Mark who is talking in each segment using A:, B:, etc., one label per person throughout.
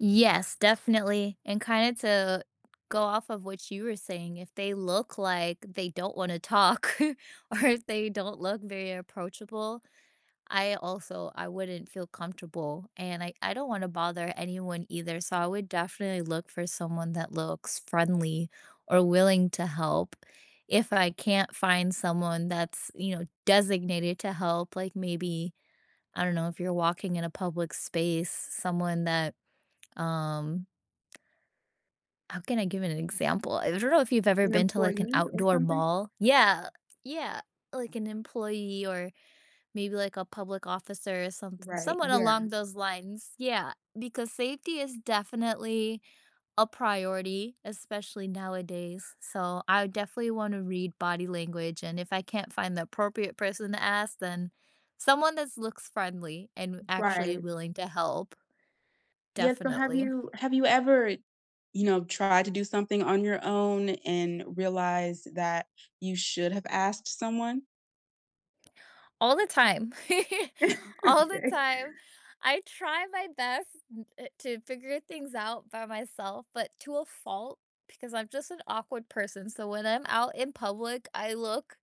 A: Yes, definitely, and kinda to go off of what you were saying, if they look like they don't wanna talk, or if they don't look very approachable, I also I wouldn't feel comfortable, and I I don't wanna bother anyone either, so I would definitely look for someone that looks friendly or willing to help. If I can't find someone that's, you know, designated to help, like, maybe, I don't know if you're walking in a public space, someone that, um how can I give an example? I don't know if you've ever
B: An
A: been to, like, an
B: employee or
A: outdoor
B: something?
A: mall? Yeah yeah, like, an employee or maybe like a public officer, or some
B: Right,
A: someone
B: yeah.
A: along those lines, yeah, because safety is definitely a priority, especially nowadays. So, I definitely wanna read body language, and if I can't find the appropriate person to ask, then someone that looks friendly, and actually
B: Right.
A: willing to help.
B: Yes, so have
A: Definitely.
B: you have you ever, you know, tried to do something on your own and realized that you should have asked someone?
A: All the time, all the
B: Okay.
A: time. I try my best n eh, to figure things out by myself, but to a fault, because I'm just an awkward person, so when I'm out in public, I look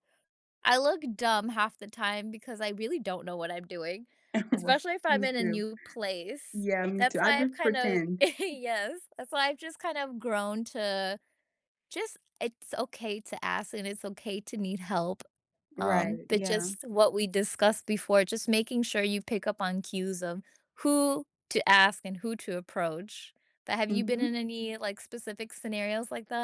A: I look dumb half the time, because I really don't know what I'm doing,
B: Right,
A: especially if I'm
B: me
A: in a
B: too.
A: new place.
B: Yeah, me too,
A: That's
B: I
A: why I've
B: just
A: kinda
B: pretend.
A: yes, that's why I've just kinda grown to just it's okay to ask, and it's okay to need help, um,
B: Right.
A: but
B: Yeah.
A: just what we discussed before, just making sure you pick up on cues of who to ask and who to approach. But have you been in
B: Mhm.
A: any, like, specific scenarios like that?